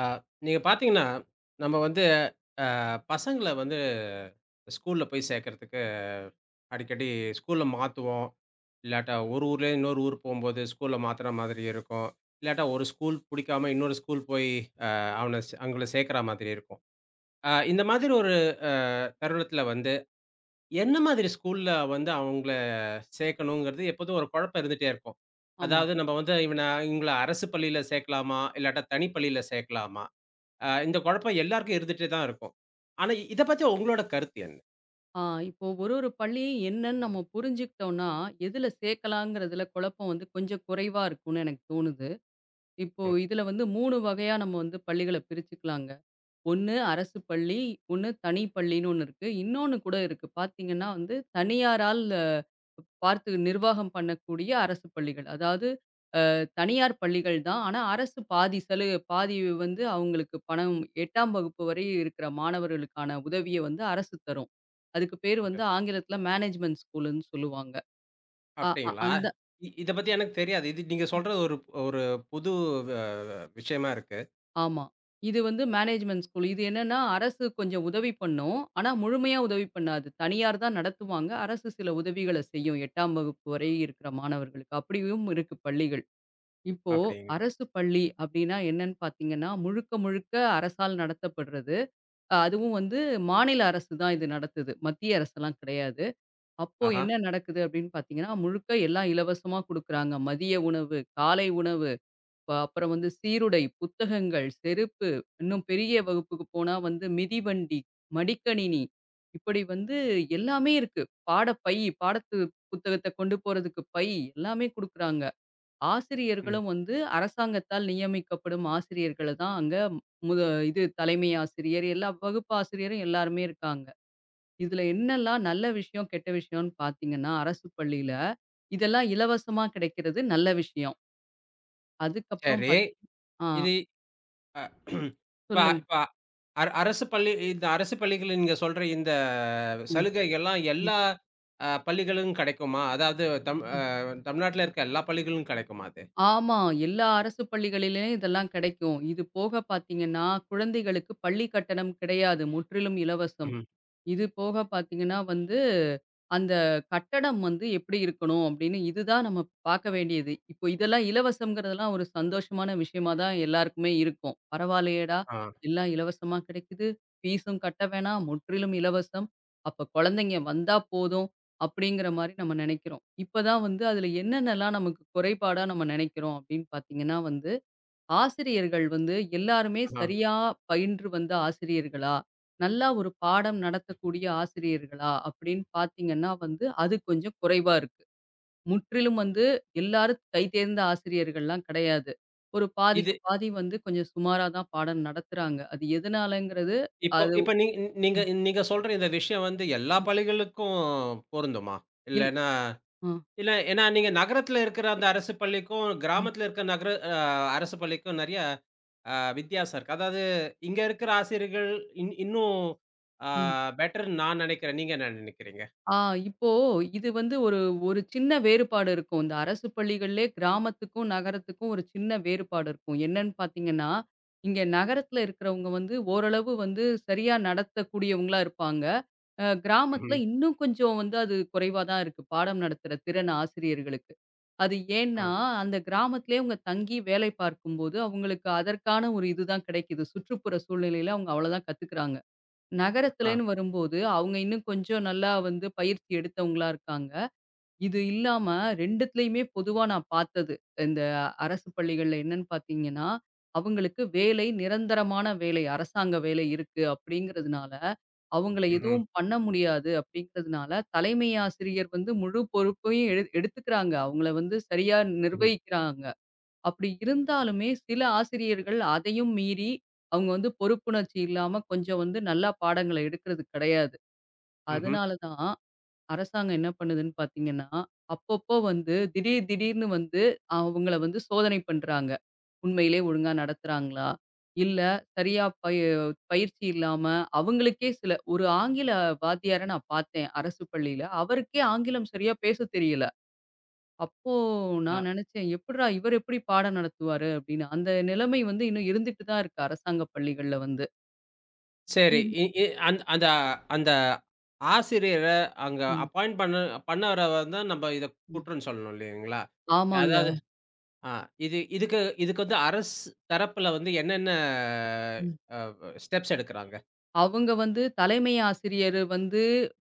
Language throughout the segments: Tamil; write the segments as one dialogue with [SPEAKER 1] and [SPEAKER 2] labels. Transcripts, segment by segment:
[SPEAKER 1] ஆ நீங்கப் பாத்தீங்கன்னா, நம்ம வந்து ஆ பசங்கள வந்து ஸ்கூல்ல போய் சேக்கறதுக்கு அடிக்கடி ஸ்கூல மாத்துவோம். இல்லாட்டா, ஒரு ஊர்லருந்து இன்னொரு ஊர் போம்போது ஸ்கூல மாத்துற மாதிரி இருக்கும். இல்லாட்டா, ஒரு ஸ்கூல் பிடிக்காம இன்னொரு ஸ்கூல் போயி, அ அவனச் அவுங்கள சேக்கிற மாதிரி இருக்கும். ஆ இந்த மாதிரி ஒரு ஆ தருணத்துல வந்து என்ன மாதிரி ஸ்கூல்ல வந்து அவுங்கள சேக்கணுங்கிறது எப்போதும் ஒரு குழப்பம் இருந்துட்டே இருக்கும்.
[SPEAKER 2] ஆமா.
[SPEAKER 1] அதாவது நம்ம வந்து இவன இவங்கள அரசுப் பள்ளியில சேக்கலாமா? இல்லாட்டா, தனிப்பள்ளியில சேக்கலாமா? ஆ இந்தக் குழப்பம் எல்லாருக்கும் இருந்துட்டே தான் இருக்கும். ஆனா இதைப் பத்தி உங்களோட கருத்து என்?
[SPEAKER 2] ஆ, இப்போ ஒரு ஒரு பள்ளியும் என்னன்னு நம்ம புரிஞ்சுக்கிட்டோம்னா, எதுல சேக்கலாம்ங்கிறதுல குழப்பம் வந்து கொஞ்சம் குறைவா இருக்கும்னு எனக்கு தோணுது. இப்போ
[SPEAKER 1] அ.
[SPEAKER 2] இதுல வந்து 3 வகையா நம்ம வந்து பள்ளிகளைப் பிரிச்சுக்கலாங்க. ஒண்ணு அரசுப் பள்ளி, ஒண்ணு தனிப்பள்ளின்னு ஒண்ணு இருக்கு. இன்னொண்ணு கூட இருக்கு. பாத்தீங்கன்னா வந்து தனியாரால் அ பார்த்து நிர்வாகம் பண்ணக்கூடிய அரசுப் பள்ளிகள். அதாவது அ தனியார் பள்ளிகள் தான். ஆனா அரசு பாதி செலவு பாதி வந்து அவுங்களுக்கு பணம், 8ஆம் வகுப்பு வரை இருக்குற மாணவர்களுக்கான உதவிய வந்து அரசு தரும். அதுக்கு பேரு வந்து
[SPEAKER 1] ஓகே.
[SPEAKER 2] ஆங்கிலத்துல மேனேஜ்மெண்ட் ஸ்கூலுன்னு சொல்லுவாங்க. ஆ அ
[SPEAKER 1] அப்டீங்களா?
[SPEAKER 2] அந்த
[SPEAKER 1] இதைப் பத்தி எனக்குத் தெரியாது. இது நீங்கச்
[SPEAKER 2] அ.
[SPEAKER 1] சொல்றது ஒரு ஒரு புது வ விஷியமா இருக்கு.
[SPEAKER 2] ஆமா. இது வந்து மேனேஜ்மெண்ட்டு ஸ்கூல். இது என்னன்னா அரசு கொஞ்சம் உதவி பண்ணும். ஆனா முழுமையா உதவி பண்ணாது. தனியார் தான் நடத்துவாங்க. அரசு சில உதவிகளைச் செய்யும் 8ஆம் வகுப்பு வரை இருக்குற மாணவர்களுக்கு அப்டியும் இருக்கு பள்ளிகள். இப்போ
[SPEAKER 1] அப்படிங்க
[SPEAKER 2] அரசுப் பள்ளி அப்டின்னா என்னன்னு பாத்தீங்கன்னா முழுக்க, முழுக்க அரசால் நடத்தப்படுறது. அதுவும் வந்து மாநில அரசுதான் இது நடத்துது. மத்திய அரசுலாம் கெடையாது. அப்போ
[SPEAKER 1] ஆஹம்.
[SPEAKER 2] என்ன நடக்குது அப்டின்னு பாத்தீங்கன்னா முழுக்க எல்லாம் இலவசமா குடுக்குறாங்க. மதிய உணவு, காலை உணவு அப் அப்புறம் வந்து சீருடை, புத்தகங்கள், செருப்பு இன்னும் பெரிய வகுப்புக்கு போனா வந்து மிதிவண்டி, மடிக்கணினி இப்படி வந்து எல்லாமே இருக்கு. பாடப்பை, பாடப்புத்தகத்த கொண்டு போறதுக்கு பை எல்லாமே குடுக்குறாங்க.
[SPEAKER 1] ம்.
[SPEAKER 2] ஆசிரியர்களும் வந்து அரசாங்கத்தால் நியமிக்கப்படும் ஆசிரியர்கள தான் அங்க முத இது தலைமை ஆசிரியர் எல்லா வகுப்பு ஆசிரியரும் எல்லாருமே இருக்காங்க. இதுல என்னெல்லாம் நல்ல விஷியம் கெட்ட விஷியம்னு பாத்தீங்கன்னா அரசுப் பள்ளியில இதெல்லாம் இலவசமா கிடைக்கிறது நல்ல விஷியம். அதுக்கப்பறம்
[SPEAKER 1] சரி.
[SPEAKER 2] பாத் அ.
[SPEAKER 1] இது அ இப்ப
[SPEAKER 2] சொல்லுங்க.
[SPEAKER 1] இப்ப அர அரசுப் பள்ளி இந்த அரசுப் பள்ளிகள் நீங்கச் சொல்ற இந்தச்
[SPEAKER 2] ம்.
[SPEAKER 1] சலுகை எல்லாம்
[SPEAKER 2] ம்.
[SPEAKER 1] எல்லா பள்ளிகளிலும் கெடைக்குமா? அதாவது தமிழ் அ
[SPEAKER 2] ம்.
[SPEAKER 1] தமிழநாட்ல இருக்க எல்லா பள்ளிகளிலும் கெடைக்குமா அது?
[SPEAKER 2] ஆமா. எல்லா அரசுப் பள்ளிகளிலும் இதெல்லாம் கெடைக்கும். இது போகப் பாத்தீங்கன்னா குழந்தைகளுக்குப் பள்ளி கட்டணம் கிடையாது. முற்றிலும் இலவசம்.
[SPEAKER 1] ம்.
[SPEAKER 2] இது போகப் பாத்தீங்கன்னா வந்து அந்தக் கட்டடம் வந்து எப்டி இருக்கணும் அப்டின்னு இது தான் நாம பாக்க வேண்டியது. இப்போ இதெல்லாம் இலவசங்கறதெல்லாம் ஒரு சந்தோஷமான விஷியமா தான் எல்லாருக்குமே இருக்கும். "பரவா இல்லயேடா
[SPEAKER 1] அ.
[SPEAKER 2] எல்லாம் இலவசமா கிடைக்குது. ஃபீஸும் கட்ட வேணாம். முற்றிலும் இலவசம். அப்பக் குழந்தைங்க வந்தா போதும்" அப்டிங்கிற மாரி நம்ம நெனைக்கிறோம். இப்பதான் வந்து அதுல என்னென்னலாம் நமக்குக் குறைபாடு நாம நினைக்கிறோம் அப்டின்னு பாத்தீங்கன்னா வந்து ஆசிரியர்கள் வந்து எல்லாருமே
[SPEAKER 1] அன்ன.
[SPEAKER 2] சரியா பயின்று வந்த ஆசிரியர்களா? நல்லா ஒரு பாடம் நடத்தக்கூடிய ஆசிரியர்களா? அப்டின்னு பாத்தீங்கன்னா வந்து அது கொஞ்சம் குறைவா இருக்கு. முற்றிலும் வந்து எல்லாரும் கைதேர்ந்த ஆசிரியர்கள்லாம் கெடையாது. ஒரு பாதிக்கு
[SPEAKER 1] இது
[SPEAKER 2] பாதி வந்து கொஞ்சம் சுமாராதான் பாடம் நடத்துறாங்க. அது எதனாலங்கிறது?
[SPEAKER 1] இப்ப
[SPEAKER 2] அது
[SPEAKER 1] இப்ப நீங் நீங்க
[SPEAKER 2] ம்.
[SPEAKER 1] நீங்கச் சொல்ற இந்த விஷியம் வந்து எல்லா பள்ளிகளுக்கும் பொருந்துமா?
[SPEAKER 2] இல்
[SPEAKER 1] இல்லனா
[SPEAKER 2] அ.
[SPEAKER 1] இல்ல ஏனா, நீங்க நகரத்துல இருக்குற அந்த அரசுப் பள்ளிக்கும்,
[SPEAKER 2] ம்.
[SPEAKER 1] கிராமத்துல இருக்க நகர அ அரசுப் பள்ளிக்கும் நிறைய அ வித்யாசம் இருக்கு. அதாவது இங்க இருக்குற ஆசிரியர்கள் இன் இன்னும் அ
[SPEAKER 2] ம்.
[SPEAKER 1] பெட்டர்ன்னு நான் நெனைக்கறேன். நீங்க என்ன நெனைக்கறீங்க?
[SPEAKER 2] ஆ இப்போ, இது வந்து ஒரு ஒரு சின்ன வேறுபாடு இருக்கும். அரசுப் பள்ளிகள்ளே, கிராமத்துக்கும், நகரத்துக்கும் ஒரு சின்ன வேறுபாடு இருக்கும். என்னன்னு பாத்தீங்கன்னா? இங்க நகரத்துல இருக்கறவங்க வந்து ஓரளவு வந்து சரியா நடத்தக்கூடியவங்களா இருப்பாங்க. அ கிராமத்துல
[SPEAKER 1] ம்.
[SPEAKER 2] இன்னும் கொஞ்சம் வந்து அது குறைவாதான் இருக்கு. பாடம் நடத்துற திறன் ஆசிரியர்களுக்கு. அது ஏனா
[SPEAKER 1] அ.
[SPEAKER 2] அந்தப் கிராமத்துலயே அவுங்க தங்கி வேலை பார்க்கும் போது அவுங்களுக்கு அதற்கான ஒரு இதுதான் கிடைக்குது. சுற்றுப்புற சூழ்நிலைல அவுங்க அவ்வளவுதான் கத்துக்குறாங்க.
[SPEAKER 1] அ.
[SPEAKER 2] நகரத்துலன்னு வரும்போது, அவுங்க இன்னும் கொஞ்சம் நல்லா வந்து பயிற்சி எடுத்தவங்களா இருக்காங்க. இது இல்லாம 2டுத்துலயுமே பொதுவா நான் பாத்தது. இந்த அரசுப் பள்ளிகள்ல என்னன்னு பாத்தீங்கன்னா? அவுங்களுக்கு வேலை நிரந்தரமான வேலை. அரசாங்க வேலை இருக்கு அப்டிங்கறதுனால அவுங்கள
[SPEAKER 1] ம்ஹ்ம்.
[SPEAKER 2] எதுவும் பண்ண முடியாது அப்டிங்கறதுனால தலைமை ஆசிரியர் வந்து முழு பொறுப்பையும் எடு எடுத்துக்குறாங்க. அவுங்கள வந்து சரியா
[SPEAKER 1] ம்ஹ்ம்.
[SPEAKER 2] நிர்வகிக்கிறாங்க. அப்டி இருந்தாலுமே சில ஆசிரியர்கள் அதையும் மீறி அவுங்க வந்து பொறுப்புணர்ச்சி இல்லாம கொஞ்சம் வந்து நல்லா பாடங்கள எடுக்குறது கெடையாது.
[SPEAKER 1] ம்ஹ்ம்.
[SPEAKER 2] அதனால தான் அரசாங்கம் என்ன பண்ணுதுன்னு பாத்தீங்கன்னா, அப்பப்ப வந்து திடீர் திடீர்னு வந்து அவுங்களை வந்து சோதனை பண்றாங்க. உண்மையிலே ஒழுங்கா நடத்துறாங்களா இல்ல சரியா ப பயிற்சி இல்லாம அவுங்களுக்கே சில ஒரு ஆங்கில வாத்தியார நான் பாத்தேன். அரசுப் பள்ளியில அவருக்கே ஆங்கிலம் சரியா பேசத் தெரியல. அப்போ
[SPEAKER 1] அ.
[SPEAKER 2] நான் நினைச்சேன், "எப்புட்றா? இவர் எப்படி பாடம் நடத்துவாரு?" அப்டின்னு. அந்த நிலைமை வந்து இன்னும் இருந்துட்டு தான் இருக்கு. அரசாங்க பள்ளிகள்ல வந்து.
[SPEAKER 1] சரி.
[SPEAKER 2] இது
[SPEAKER 1] இ இ அந் அந்த அந்த ஆசிரியர அங்க
[SPEAKER 2] ம்.
[SPEAKER 1] அப்பாயிண்ட் பண்ணு பண்ணவர வந்துதான் நம்ம இத
[SPEAKER 2] ம்.
[SPEAKER 1] குற்றம் சொல்லணும், இல்லீங்களா?
[SPEAKER 2] ஆமாங்க.
[SPEAKER 1] அதாவது ஆ, இது இதுக்கு இதுக்கு வந்து, அரசு தரப்புல வந்து என்னென்ன
[SPEAKER 2] ம்.
[SPEAKER 1] ஆ, அப ஸ்டெப்ஸ் எடுக்குறாங்க?
[SPEAKER 2] அவங்க வந்து, தலைமை ஆசிரியர் வந்து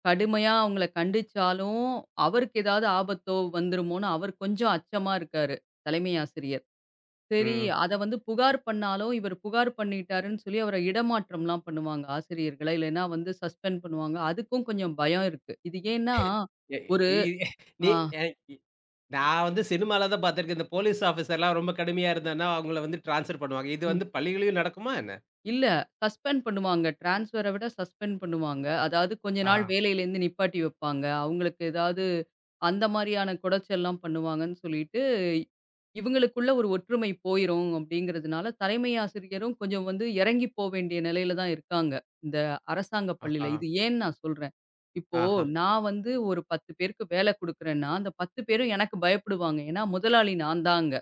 [SPEAKER 2] கடுமையா அவங்கள கண்டிச்சாலும், அவருக்கு ஏதாவது ஆபத்தோ வந்துருமோன்னு அவர் கொஞ்சம் அச்சமா இருக்காரு. தலைமை ஆசிரியர். செரி,
[SPEAKER 1] ம்.
[SPEAKER 2] அத வந்து புகார் பண்ணாலும் இவரு புகார் பண்ணிட்டாருன்னு, சொல்லி அவரை இடமாற்றம்லாம் பண்ணுவாங்க. ஆசிரியர்களை, இல்லைன்னா வந்து சஸ்பெண்ட் பண்ணுவாங்க. அதுக்கும் கொஞ்சம் பயம் இருக்கு. இது ஏன்னா,
[SPEAKER 1] [unintelligible]
[SPEAKER 2] ஒரு
[SPEAKER 1] நி
[SPEAKER 2] ஆ.
[SPEAKER 1] அ இ நான் வந்து சினிமாவுல தான் பாத்துருக்கேன். இந்த போலீஸ் ஆஃபீசர் எல்லாம் ரொம்ப கடுமையா இருந்தன்னா, அவங்கள வந்து டிரான்ஸ்ஃபர் பண்ணுவாங்க. இது
[SPEAKER 2] ம்.
[SPEAKER 1] வந்து பள்ளிகளிலயும் நடக்குமா, என்ன?
[SPEAKER 2] இல்ல, சஸ்பெண்ட் பண்ணுவாங்க. டிரான்ஸ்ஃபர விட சஸ்பெண்ட் பண்ணுவாங்க. அதாவது, கொஞ்ச நாள்
[SPEAKER 1] ஆஹா.
[SPEAKER 2] வேலையில இருந்து நிப்பாட்டி வைப்பாங்க. அவங்களுக்கு ஏதாவது அந்த மாரியான கொடச்சல் எல்லாம் பண்ணுவாங்கன்னு சொல்லிட்டு, இவங்களுக்குள்ள ஒரு ஒற்றுமை போயிரும் அப்படிங்கறதுனால, தலைமை ஆசிரியரும் கொஞ்சம் வந்து இறங்கி போ வேண்டிய நிலையில தான் இருக்காங்க. இந்த அரசாங்க பள்ளியில.
[SPEAKER 1] ஆஹ்ஹா.
[SPEAKER 2] இது ஏன் நான் சொல்றேன், இப்போ,
[SPEAKER 1] ஆஹா!
[SPEAKER 2] நான் வந்து ஒரு 10 பேருக்கு வேல குடுக்கறேன்னா, அந்த 10 பேரும் எனக்கு பயப்படுவாங்க. ஏன்னா, முதலாளி நான் தான் அங்க.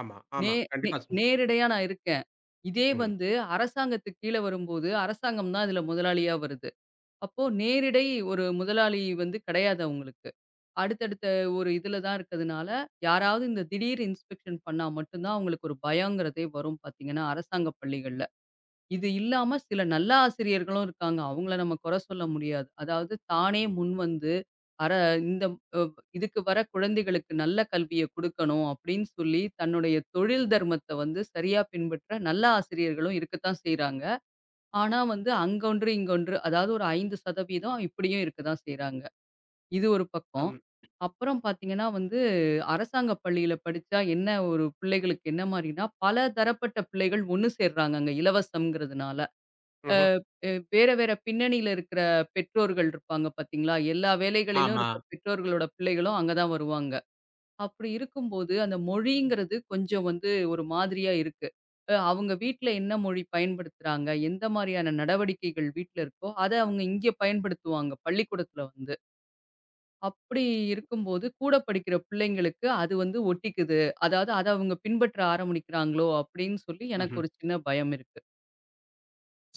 [SPEAKER 1] ஆமா,
[SPEAKER 2] நே
[SPEAKER 1] ஆமா.
[SPEAKER 2] நே
[SPEAKER 1] கண்டிப்பா சொல்
[SPEAKER 2] நேரடையா நான் இருக்கன். இதே
[SPEAKER 1] ம்.
[SPEAKER 2] வந்து, அரசாங்கத்துக்குக் கீழ வரும்போது, அரசாங்கம் தான் இதுல முதலாளியா வருது. அப்போ நேரிடை ஒரு முதலாளி வந்து கெடையாது அவுங்களுக்கு. அடுத்தடுத்த ஒரு இதுல தான் இருக்கதுனால, யாராவது இந்தத் திடீர் இன்ஸ்பெக்ஷன் பண்ணா மட்டும் தான், அவுங்களுக்கு ஒரு பயங்கிறதே வரும் பாத்தீங்கன்னா, அரசாங்கப் பள்ளிகள்ல. இது இல்லாம சில நல்ல ஆசிரியர்களும் இருக்காங்க. அவுங்கள நம்ம குற சொல்ல முடியாது. அதாவது தானே முன்வந்து அர இந்த [unintelligible] இதுக்கு வர குழந்தைகளுக்கு நல்ல கல்வியக் குடுக்கணும் அப்படின்னு சொல்லி, தன்னுடைய தொழில் தர்மத்த வந்து சரியா பின்பற்ற நல்ல ஆசிரியர்களும் இருக்கத்தான் செய்யறாங்க. ஆனா வந்து, அங்க ஒன்று, இங்க ஒன்று. அதாவது ஒரு 5% சதவீதம் இப்படியும் இருக்கத்தான் செய்யறாங்க. இது ஒரு பக்கம்.
[SPEAKER 1] அம்.
[SPEAKER 2] அப்புறம் பாத்தீங்கன்னா வந்து, அரசாங்க பள்ளியில் படிச்சா என்ன ஒரு பிள்ளைகளுக்கு என்ன மாரின்னா, பல தரப்பட்ட பிள்ளைகள் ஒண்ணு சேர்றாங்க, அங்க இலவசம்ங்கறதுனால!
[SPEAKER 1] ம்ஹ்ம்.
[SPEAKER 2] அ வே வேற வேற பின்னணியில இருக்கிற பெற்றோர்கள் இருப்பாங்க. பாத்தீங்களா, எல்லா வேலைகளிலும்
[SPEAKER 1] ஆமா.
[SPEAKER 2] இருக்கிற பெற்றோர்களோட பிள்ளைகளும் அங்க தான் வருவாங்க. அப்படி இருக்கும்போது, அந்த மொழிங்கிறது கொஞ்சம் வந்து ஒரு மாதிரியா இருக்கு. அ அவுங்க வீட்டுல என்ன மொழி பயன்படுத்துறாங்க? எந்த மாதிரியான நடவடிக்கைகள் வீட்டுல இருக்கோ, அதை அவங்க இங்க பயன்படுத்துவாங்க, பள்ளிக்கூடத்துல வந்து. அப்படி இருக்கும்போது, கூடப் படிக்கிற பிள்ளைங்களுக்கு அது வந்து ஒட்டிக்குது. அதாது அதை அவுங்க பின்பற்ற ஆரம்பிக்கிறாங்களோ! அப்படின்னு சொல்லி எனக்கு
[SPEAKER 1] ம்ஹ்ம்.
[SPEAKER 2] ஒரு சின்னப் பயம் இருக்கு.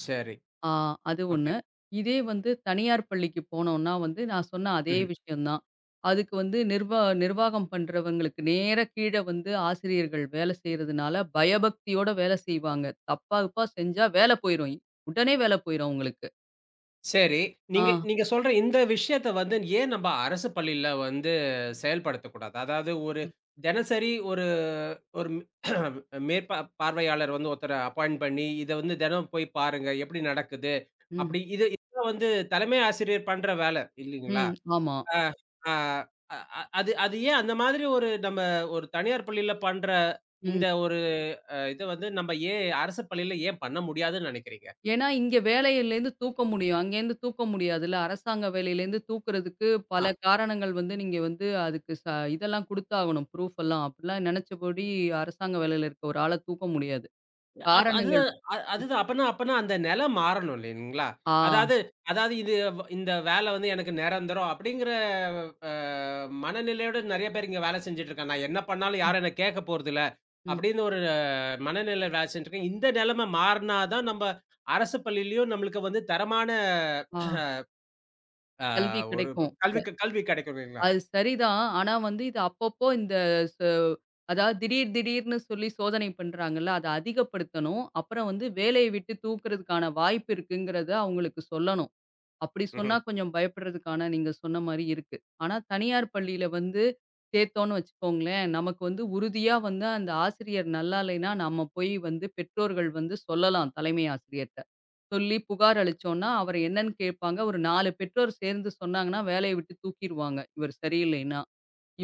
[SPEAKER 1] சரி.
[SPEAKER 2] ஆ, அது
[SPEAKER 1] ஓகே.
[SPEAKER 2] 1. இதே வந்து தனியார் பள்ளிக்குப் போனோன்னா வந்து, நான் சொன்ன அதே
[SPEAKER 1] ம்ஹ்ம்.
[SPEAKER 2] விஷயம் தான். அதுக்கு வந்து நிர்வா நிர்வாகம் பண்றவங்களுக்கு நேர, கீழ வந்து ஆசிரியர்கள் வேலை செய்யறதுனால பயபக்தியோடு வேலை செய்வாங்க. தப்பா கிப்பா செஞ்சா வேலை போயிரும். உடனே வேலை போயிரும் அவுங்களுக்கு.
[SPEAKER 1] சரி. நீங்க
[SPEAKER 2] ஆ.
[SPEAKER 1] நீங்கச் சொல்ற இந்த விஷயத்தை வந்து, ஏன் நம்ம அரசுப் பள்ளியில வந்து செயல்படுத்தக்கூடாது? அதாவது ஒரு
[SPEAKER 2] ம்.
[SPEAKER 1] தினசரி ஒரு ஒரு மேற்பா பார்வையாளர் வந்து ஒருத்தர அப்பாய்ண்ட் பண்ணி இதை வந்து தினம் போய் பாருங்க. எப்படி நடக்குது
[SPEAKER 2] ம்.
[SPEAKER 1] அப்படி இது இத வந்து தலைமை ஆசிரியர் பண்ற வேலை இல்லைங்களா?
[SPEAKER 2] ம், ஆமா.
[SPEAKER 1] அ அ அ அது அது ஏன் அந்த மாதிரி ஒரு நம்ம ஒரு தனியார் பள்ளியில பண்ற
[SPEAKER 2] ம்.
[SPEAKER 1] இந்த ஒரு அ இதை வந்து நம்ப ஏன் அரசுப் பள்ளியில ஏன் பண்ண முடியாதுன்னு நினைக்கிறீங்க?
[SPEAKER 2] ஏன்னா இங்க வேலையில இருந்து தூக்க முடியும். அங்க இருந்து தூக்க முடியாதுல. அரசாங்க வேலையில இருந்து தூக்குறதுக்கு
[SPEAKER 1] ஆ.
[SPEAKER 2] பல காரணங்கள் வந்து நீங்க வந்து அதுக்கு ச இதெல்லாம் குடுத்தாவணும். ப்ஃரூப்லாம். அப்படில்லாம் நினைச்சபடி அரசாங்க வேலையில இருக்கிற ஒரு ஆள தூக்க முடியாது.
[SPEAKER 1] ஆ, அப்ப அது
[SPEAKER 2] காரணங்கள்
[SPEAKER 1] அ அதுதான். அப்பன்னா அப்பன்னா அந்த நிலை மாறணும் இல்லைங்களா?
[SPEAKER 2] ஆ.
[SPEAKER 1] அதாவது அதாவது இது இந்த வேலை வந்து எனக்கு நிரந்தரம் அப்படிங்கிற அ மனநிலையோடு நிறைய பேரு இங்க வேலை செஞ்சிட்டு இருக்கான். நான் என்ன பண்ணாலும் யாரும் என்னை கேட்கப்போறது இல்ல.
[SPEAKER 2] ம்.
[SPEAKER 1] அப்படின்னு ஒரு அ மனநிலை வேலை செஞ்சிட்டு இருக்கேன். இந்த நிலைமை மாறுனா தான் நம்ம அரசுப் பள்ளியிலும் நம்மளுக்கு வந்து தரமான
[SPEAKER 2] ஆ.
[SPEAKER 1] அ
[SPEAKER 2] கல்வி
[SPEAKER 1] ஒரு
[SPEAKER 2] கிடைக்கும்.அப்ப
[SPEAKER 1] இப்ப கல்வி க கல்வி கிடைக்கும் இல்லைங்களா? ம்.
[SPEAKER 2] அது சரிதான். ஆனா வந்து இது அப்பப்போ இந்த ச அதாவது திடீர் திடீர்னு சொல்லி சோதனை பண்றாங்கல்ல. அதை அதிகப்படுத்தணும். அப்புறம் வந்து வேலைய விட்டுத் தூக்குறதுக்கான வாய்ப்பு இருக்குங்கிறத அவங்களுக்கு சொல்லணும். அப்படி சொன்னா
[SPEAKER 1] ம்ஹ்ம்.
[SPEAKER 2] கொஞ்சம் பயப்படுறதுக்கான நீங்கச் சொன்ன மாரி இருக்கு. ஆனா தனியார் பள்ளியில வந்து சேத்தோம்னு வச்சுக்கோங்களேன். நமக்கு வந்து உறுதியா வந்து அந்த ஆசிரியர் நல்லா இல்லைன்னா, நாம போய் வந்து பெற்றோர்கள் வந்து சொல்லலாம். தலைமை ஆசிரியர்ட்ட. சொல்லிப் புகார் அளிச்சோம்னா, அவர் என்னன்னு கேப்பாங்க. ஒரு 4 பெற்றோர் சேர்ந்து சொன்னாங்கன்னா, வேலைய விட்டு தூக்கிருவாங்க, இவர் சரியில்லைன்னா.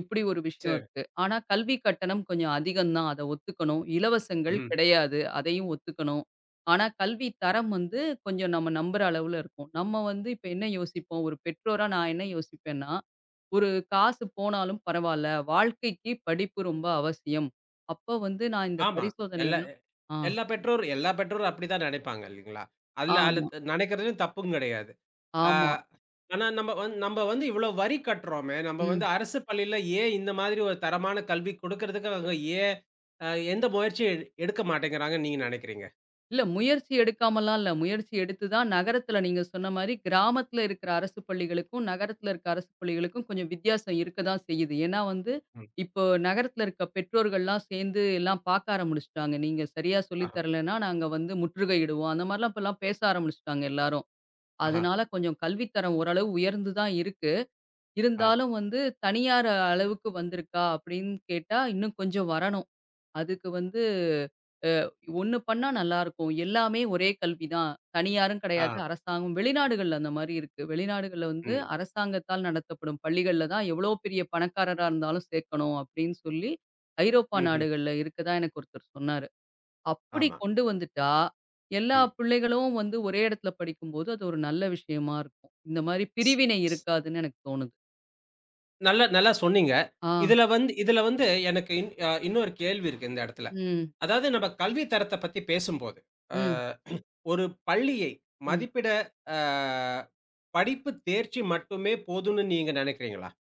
[SPEAKER 2] இப்படி ஒரு விஷயம்
[SPEAKER 1] சரி.
[SPEAKER 2] இருக்கு. ஆனா கல்விக் கட்டணம் கொஞ்சம் அதிகம்தான். அத ஒத்துக்கணும். இலவசங்கள்
[SPEAKER 1] ம்ஹ்ம்.
[SPEAKER 2] கிடையாது. அதையும் ஒத்துக்கணும். ஆனா கல்வித்தரம் வந்து கொஞ்சம் நம்ம நம்புற அளவுல இருக்கும். நம்ம வந்து இப்ப என்ன யோசிப்போம். ஒரு பெற்றோரா நான் என்ன யோசிப்பேன்னா, ஒரு காசு போனாலும் பரவாயில்ல. வாழ்க்கைக்குப் படிப்பு ரொம்ப அவசியம். அப்ப வந்து நான் இந்தப்
[SPEAKER 1] ஆமா.
[SPEAKER 2] பரிசோதனை
[SPEAKER 1] எல்லா
[SPEAKER 2] எல்லாம்
[SPEAKER 1] எ
[SPEAKER 2] ஆ
[SPEAKER 1] எல்லா பெற்றோரும் எல்லா பெற்றோரும் அப்படித்தான் நினைப்பாங்க இல்லீங்களா? அதுல அல்லது
[SPEAKER 2] ஆமா.
[SPEAKER 1] நினைக்கிறது தப்பும் கிடையாது. ஆ,
[SPEAKER 2] ஆமா.
[SPEAKER 1] ஆனா நம்ம வந்து நம்ம வந்து இவ்ளோ வரி கட்டுறோமே, நம்ம வந்து
[SPEAKER 2] ம்.
[SPEAKER 1] அரசுப் பள்ளியில ஏன் இந்த மாதிரி ஒரு தரமான கல்வி கொடுக்குறதுக்கு அவங்க ஏன் அ எந்த முயற்சியும் எடுக்க மாட்டேங்கிறாங்கன்னு நீங்க நினைக்கிறீங்க?
[SPEAKER 2] இல்ல. முயற்சி எடுக்காமல்லாம் இல்ல. முயற்சி எடுத்துதான் நகரத்துல நீங்கச் சொன்ன மாரி கிராமத்துல இருக்குற அரசுப் பள்ளிகளுக்கும், நகரத்துல இருக்குற அரசுப் பள்ளிகளுக்கும் கொஞ்சம் வித்தியாசம் இருக்கத்தான் செய்யுது. ஏன்னா வந்து
[SPEAKER 1] ம்.
[SPEAKER 2] இப்போ நகரத்துல இருக்க பெற்றோர்கள்லாம் சேர்ந்து எல்லாம் பார்க்க ஆரம்பிச்சிட்டாங்க. நீங்கச் சரியா சொல்லித்
[SPEAKER 1] ஆஹ.
[SPEAKER 2] தரலைன்னா, நாங்க வந்து முற்றுகையிடுவோம். அந்த மாதிரி எல்லாம் பேச ஆரம்பிச்சிட்டாங்க எல்லாரும்.
[SPEAKER 1] ஆஹ.
[SPEAKER 2] அதனால கொஞ்சம் கல்வித்தரம் ஓரளவு உயர்ந்து தான் இருக்கு.
[SPEAKER 1] ஆ.
[SPEAKER 2] இருந்தாலும் வந்து தனியார் அளவுக்கு வந்திருக்கா, அப்படின்னு கேட்டா இன்னும் கொஞ்சம் வரணும். அதுக்கு வந்து அ, 1 பண்ணா நல்லா இருக்கும். எல்லாமே ஒரே கல்வி தான். தனியாரும் கிடையாது.
[SPEAKER 1] ஆ.
[SPEAKER 2] அரசாங்கம் வெளிநாடுகள்ல அந்த மாரி இருக்கு. வெளிநாடுகள்ல வந்து
[SPEAKER 1] ம்.
[SPEAKER 2] அரசாங்கத்தால் நடத்தப்படும் பள்ளிகள்ல தான் எவ்வளவு பெரிய பணக்காரரா இருந்தாலும் சேர்க்கணும் அப்படின்னு சொல்லி, ஐரோப்பா
[SPEAKER 1] ம்ஹ்ம்.
[SPEAKER 2] நாடுகள்ல இருக்கிறதா எனக்கு ஒருத்தர் சொன்னாரு. அப்படி
[SPEAKER 1] ஆமா.
[SPEAKER 2] கொண்டு வந்துட்டா, எல்லா
[SPEAKER 1] ம்.
[SPEAKER 2] பிள்ளைகளும் வந்து ஒரே இடத்துல படிக்கும்போது அது ஒரு நல்ல விஷயமா இருக்கும். இந்த மாரி பிரிவினை இருக்காதுன்னு எனக்குத் தோணுது.
[SPEAKER 1] நல்லா, நல்லா சொன்னீங்க.
[SPEAKER 2] ஆஹ்.
[SPEAKER 1] இதுல வந்து இதுல வந்து எனக்கு இன்னொரு கேள்வி இருக்கு, இந்த இடத்துல!
[SPEAKER 2] ம்.
[SPEAKER 1] அதாவது என்னோட கல்வித் தரத்தை பத்தி பேசும்போது,
[SPEAKER 2] ம்.
[SPEAKER 1] அ ஒரு பள்ளியை
[SPEAKER 2] ம்.
[SPEAKER 1] மதிப்பிட அ படிப்பு தேர்ச்சி மட்டுமே போதும்னு நீங்க நெனைக்கிறீங்களா?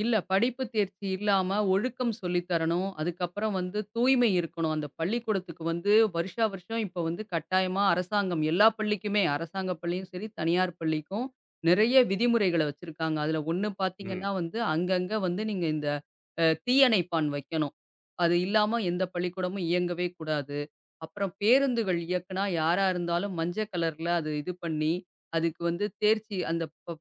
[SPEAKER 2] இல்ல. படிப்பு தேர்ச்சி இல்லாம ஒழுக்கம் சொல்லித் தரணும். அதுக்கு அப்பறம் வந்து, தூய்மை இருக்கணும். அந்தப் பள்ளிக்கூடத்துக்கு வந்து, வருஷா வருஷம் இப்போ வந்து கட்டாயமா அரசாங்கம் எல்லா பள்ளிக்குமே அரசாங்க பள்ளியும் சேரி, தனியார் பள்ளிக்கும் நெறைய விதிமுறைகளைக் வச்சிருக்காங்க. அதுல ஒண்ணு
[SPEAKER 1] ம்.
[SPEAKER 2] பாத்தீங்கன்னா வந்து, அங்கங்க வந்து நீங்க இந்த அ தீ அணைப்பான் வைக்கணும். அது இல்லாம எந்தப் பள்ளிக்கூடமும் இயங்கவே கூடாது. அப்பறம் பேருந்துகள் இயக்குனா யாரா இருந்தாலும் மஞ்சள் கலர்ல அது இது பண்ணி, அதுக்கு வந்து தேர்ச்சி அந்தப் பப்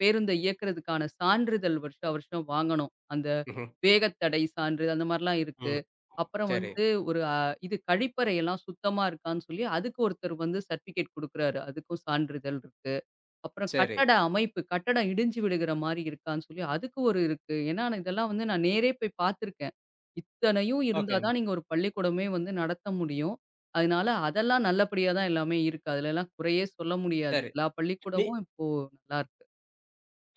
[SPEAKER 2] பேருந்தை இயக்குறதுக்கான சான்றிதழ் வருஷா வருஷம் வாங்கணும். அந்த
[SPEAKER 1] ம்ஹ்ம்.
[SPEAKER 2] வேகத்தடை சான்று, அந்த மாரிலாம் இருக்கு.
[SPEAKER 1] ம்.
[SPEAKER 2] அப்பறம்
[SPEAKER 1] சேரி.
[SPEAKER 2] வந்து, ஒரு இது கழிப்பறை எல்லாம் சுத்தமா இருக்கான்னு சொல்லி அதுக்கு ஒருத்தர் வந்து சர்டிபிகேட் கொடுக்கிறாரு. அதுக்கும் சான்றிதழ் இருக்கு. அப்பறம்
[SPEAKER 1] சேரி.
[SPEAKER 2] கட்டட அமைப்பு! கட்டடம் இடிஞ்சு விழுகிற மாரி இருக்கான்னு சொல்லி, அதுக்கு ஒரு இருக்கு. ஏனா இதெல்லாம் வந்து நான் நேரே போய்ப் பாத்திருக்கேன். இத்தனையும்
[SPEAKER 1] ஓகே.
[SPEAKER 2] இருந்தாதான் நீங்க ஒரு பள்ளிக்கூடமே வந்து நடத்த முடியும். அதுனால, அதெல்லாம் நல்லபடியா தான் எல்லாமே இருக்கு. அதுல எல்லாம் குறையே சொல்ல முடியாது.
[SPEAKER 1] சேரி
[SPEAKER 2] எல்லா
[SPEAKER 1] நீ
[SPEAKER 2] பள்ளிக்கூடமும் இப்போ நல்லாருக்கு.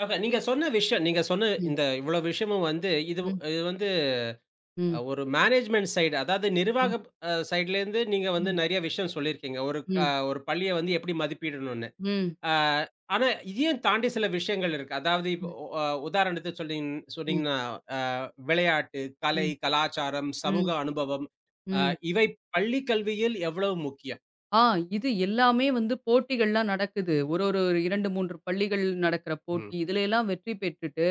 [SPEAKER 1] ஆஹா, நீங்கச் சொன்ன விஷயம் நீங்கச் சொன்ன
[SPEAKER 2] ம்.
[SPEAKER 1] இந்த இவ்ளோ விஷயமும் வந்து இது
[SPEAKER 2] ம்.
[SPEAKER 1] வந்து.
[SPEAKER 2] ம்.
[SPEAKER 1] ஒரு மேனேஜ்மென்ட் சைடு அதாவது
[SPEAKER 2] ம்.
[SPEAKER 1] நிர்வாகம் சைடுலேந்து நீங்க வந்து
[SPEAKER 2] ம்.
[SPEAKER 1] நெறைய விஷயம் சொல்லி இருக்கீங்க. ஒரு அ
[SPEAKER 2] ம்.
[SPEAKER 1] ஒரு பள்ளியை வந்து எப்டி மதிப்பிடணும்னு.
[SPEAKER 2] ம்.
[SPEAKER 1] அ ஆனா, இதையும் தாண்டி சில விஷயங்கள் இருக்கு. அதாவது இப்
[SPEAKER 2] ம்.
[SPEAKER 1] ஒ அ உதாரணத்துக்குச் சொல்றீங்
[SPEAKER 2] ம்.
[SPEAKER 1] சொல்றீங்கன்னா அ விளையாட்டு, கலை,
[SPEAKER 2] ம்,
[SPEAKER 1] கலாச்சாரம், சமூக
[SPEAKER 2] ம்,
[SPEAKER 1] அனுபவம் அ
[SPEAKER 2] ம்.
[SPEAKER 1] இவை பள்ளி கல்வியில் எவ்வளவு முக்கியம்?
[SPEAKER 2] ஆஹ், இது எல்லாமே வந்து போட்டிகள்லாம் நடக்குது. ஒரு, ஒரு 2,3 பள்ளிகள் நடக்குற போட்டி.
[SPEAKER 1] ம்.
[SPEAKER 2] இதுலைலாம் வெற்றி பெற்றுட்டு,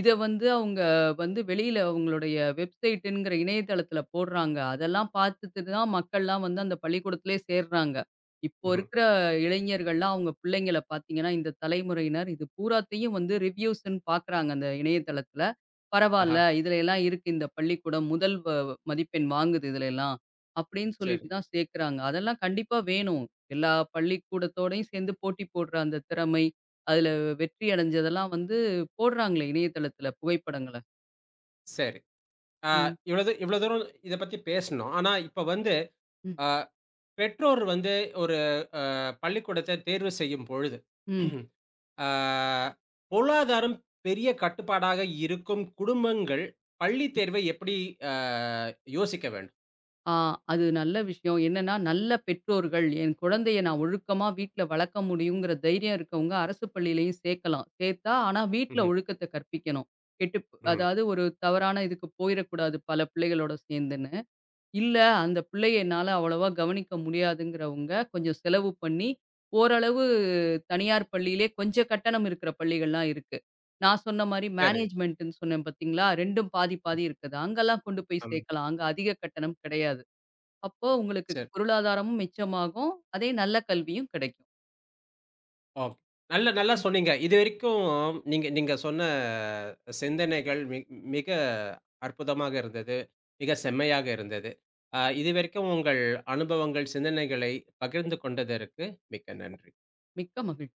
[SPEAKER 2] இத வந்து அவங்க வந்து வெளியில அவங்களுடைய வெப்சைட் என்கிற இணையதளத்துல போடுறாங்க. அதெல்லாம் பாத்துட்டுதான், மக்கள்லாம் வந்து அந்தப் பள்ளிக்கூடத்திலேயே சேர்றாங்க. இப்போ
[SPEAKER 1] ம்ஹும்.
[SPEAKER 2] இருக்கிற இளைஞர்கள்லாம், அவங்க பிள்ளைங்கள பாத்தீங்கன்னா, இந்தத் தலைமுறையினர் இது பூராத்தையும் வந்து ரிவ்யூஸ்ன்னு பாக்குறாங்க, அந்த இணையதளத்துல.
[SPEAKER 1] ஆஹா.
[SPEAKER 2] பரவால்ல, இதுலைலாம் இருக்கு இந்த பள்ளிக்கூடம் முதல் வ மதிப்பெண் வாங்குது, இதுலைலாம் அப்டின்னு
[SPEAKER 1] செரி.
[SPEAKER 2] சொல்லிட்டுதான் சேக்கிறாங்க. அதெல்லாம் கண்டிப்பா வேணும். எல்லா பள்ளிக்கூடத்தோட சேந்து, போட்டி போடுற அந்தத் திறமை, அதுல வெற்றி அடைஞ்சதெல்லாம் வந்து போடுறாங்களே இணையதளத்துல புகைப்படங்கள.
[SPEAKER 1] சரி, ஆ,
[SPEAKER 2] ம்.
[SPEAKER 1] இவ்வளது இவ்வளோ தூரம் இத பத்தி பேசினோம். ஆனா, இப்ப வந்து
[SPEAKER 2] ம்.
[SPEAKER 1] ஆ, பெற்றோர் வந்து ஒரு ஆ, பள்ளிக்கூடத்த தேர்வு செய்யும் பொழுது,
[SPEAKER 2] ம்.
[SPEAKER 1] ஆ, பொருளாதாரம் பெரிய கட்டுப்பாடாக இருக்கும் குடும்பங்கள், பள்ளி தேர்வை எப்படி ஆ, யோசிக்க வேண்டும்?
[SPEAKER 2] ஆ, அது நல்ல விஷியம். என்னன்னா, நல்ல பெற்றோர்கள், என் குழந்தையை நான் ஒழுக்கமா வீட்ல வளக்க முடியும்ங்கிற தைரியம் இருக்கவங்க, அரசு பள்ளியிலேயும் சேக்கலாம். சேத்தா, ஆனா, விட்டுல
[SPEAKER 1] ம்ஹ்ம்.
[SPEAKER 2] ஒழுக்கத்த கற்பிக்கணும். கெட்டுப்
[SPEAKER 1] ம்.
[SPEAKER 2] அதாவது, ஒரு தவறான இதுக்குப் போயிற கூடாது, பல பிள்ளைகளோட சேந்துனு. இல்ல, அந்த பிள்ளைய என்னால அவ்ளோவா கவனிக்க முடியாதுங்கிறவங்க, கொஞ்சம் செலவு பண்ணி ஓரளவு தனியார் பள்ளிலே, கொஞ்சம் கட்டணம் இருக்குற பள்ளிகள்லாம் இருக்கு. நான் சொன்ன மாரி,
[SPEAKER 1] சரி.
[SPEAKER 2] மேனேஜ்மெண்ட்னு சொன்னேன் பாத்தீங்களா, 2ம் பாதி, பாதி இருக்குது. அங்கலாம் கொண்டு போய்
[SPEAKER 1] ஆம்.
[SPEAKER 2] சேக்கலாம். அங்க அதிகம் கட்டணம் கெடையாது. அப்போ உங்களுக்கு
[SPEAKER 1] செரி.
[SPEAKER 2] பொருளாதாரமும் மிச்சமாகும், அதே நல்ல கல்வியும் கெடைக்கும்.
[SPEAKER 1] ஓ, நல்ல நல்ல
[SPEAKER 2] ம்.
[SPEAKER 1] சொன்னீங்க. இதுவரைக்கும் நீங்க நீங்க சொன்ன ஆ, சிந்தனைகள் மி மிக அற்புதமாக இருந்தது. மிக செம்மையாக இருந்தது. ஆ, இதுவரைக்கும் உங்கள் அனுபவங்கள், சிந்தனைகளை பகிர்ந்து கொண்டதற்கு மிக்க நன்றி!
[SPEAKER 2] மிக்க மகிழ்